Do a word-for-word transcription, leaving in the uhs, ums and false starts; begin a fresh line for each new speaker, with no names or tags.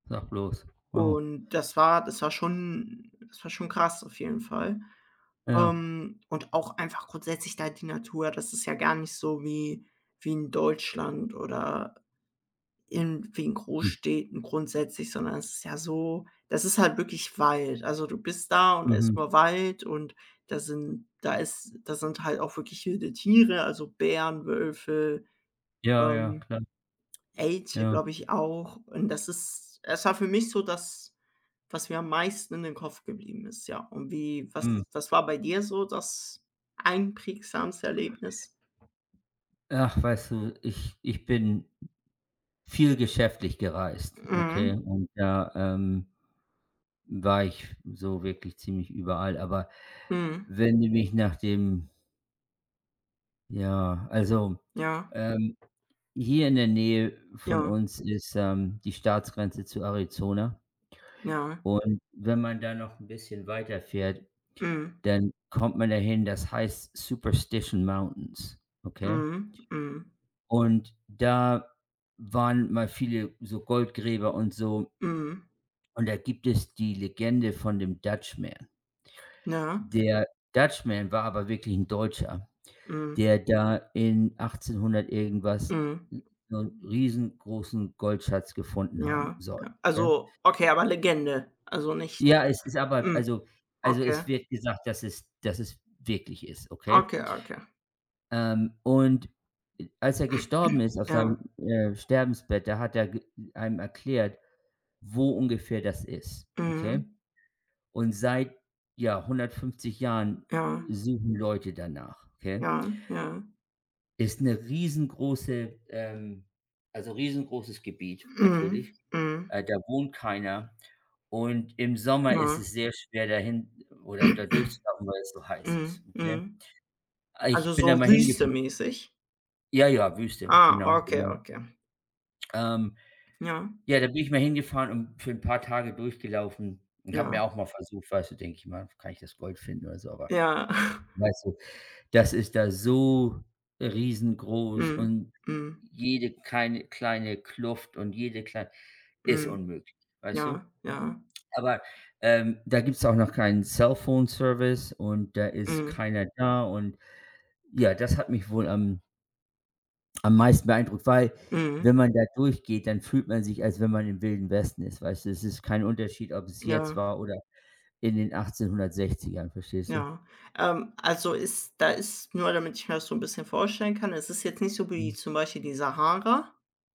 Sag bloß. Wow.
Und das war das war schon das war schon krass auf jeden Fall.
Ja.
Ähm, und auch einfach grundsätzlich da die Natur, das ist ja gar nicht so wie wie in Deutschland oder in wie in
Hm.
Großstädten grundsätzlich, sondern es ist ja so das ist halt wirklich Wald. Also, du bist da und da ist
Mhm.
nur Wald und da sind da ist da sind halt auch wirklich wilde Tiere, also Bären, Wölfe,
Ja, ja,
ähm,
klar.
Elche,
Ja.
glaube ich, auch und das ist es war für mich so das, was mir am meisten in den Kopf geblieben ist, ja. Und wie
Mhm.
was was war bei dir so das einprägsamste Erlebnis?
Ach, weißt du, ich ich bin viel geschäftlich gereist, okay?
Mhm.
Und da, ähm, war ich so wirklich ziemlich überall, aber
Mhm.
wenn du mich nach dem Ja, also,
Ja.
ähm, hier in der Nähe von
Ja.
uns ist, ähm, die Staatsgrenze zu Arizona
Ja.
und wenn man da noch 'n bisschen weiterfährt,
Mhm.
dann kommt man dahin, das heißt Superstition Mountains, okay?
Mhm, mhm.
Und da waren mal viele so Goldgräber und so
Mhm.
und da gibt es die Legende von dem Dutch Man.
Ja.
Der Dutch Man war aber wirklich 'n Deutscher,
Mhm.
der da in achtzehnhundert irgendwas
Mhm.
s so 'n riesengroßen Goldschatz gefunden haben
Ja,
soll,
ja.
ne?
Also okay, aber Legende? Also, nicht
Ja, es ist aber
mhm,
also also
okay.
es wird gesagt, dass es dass es wirklich ist, okay?
Okay, okay.
Ähm, und a als er gestorben ist auf
Ja.
seinem, äh, Sterbensbett, da hat er g einem erklärt, wo ungefähr das ist, okay?
Mhm.
Und seit, ja, hundertfünfzig Jahren
Ja.
suchen Leute danach, okay?
Ja, ja.
Ist 'ne riesengroße ähm, also riesengroßes Gebiet natürlich,
Mhm, mhm.
äh, da wohnt keiner und im Sommer ist
Mhm.
es sehr schwer, dahin oder da durchzulaufen, weil's so heiß ist,
Mhm,
okay?
mhm.
Ah,
Also,
ich bin da
so
mal hingefahren.
wüstemäßig?
Ja, ja, Wüste,
Ah,
genau,
okay,
genau.
okay.
Ähm,
Ja.
ja, da bin ich mal hingefahren und für 'n paar Tage durchgelaufen und habe
Ja.
mir auch mal versucht weißt du, denke ich mal, kann ich das Gold finden oder so, aber
Ja.
weißt du, das ist da so riesengroß
Mhm,
und
mhm.
jede keine kleine Kluft und jede klei ist
Mhm,
unmöglich, weißt du?
ja, ja.
Aber, ähm, da gibt's auch noch keinen Cellphone-Service und da ist
Mhm.
keiner da. Und ja, das hat mich wohl am am meisten beeindruckt, weil,
Mhm.
wenn man da durchgeht, dann fühlt man sich, als wenn man im Wilden Westen ist, weißt du? Es ist kein Unterschied, ob es jetzt
Ja.
war oder in den Achtzehnhundertsechzigern, verstehst du?
Ja. Ähm, also ist da ist nur damit ich mir das so 'n bisschen vorstellen kann, es ist jetzt nicht so wie
Mhm.
zum Beispiel die Sahara?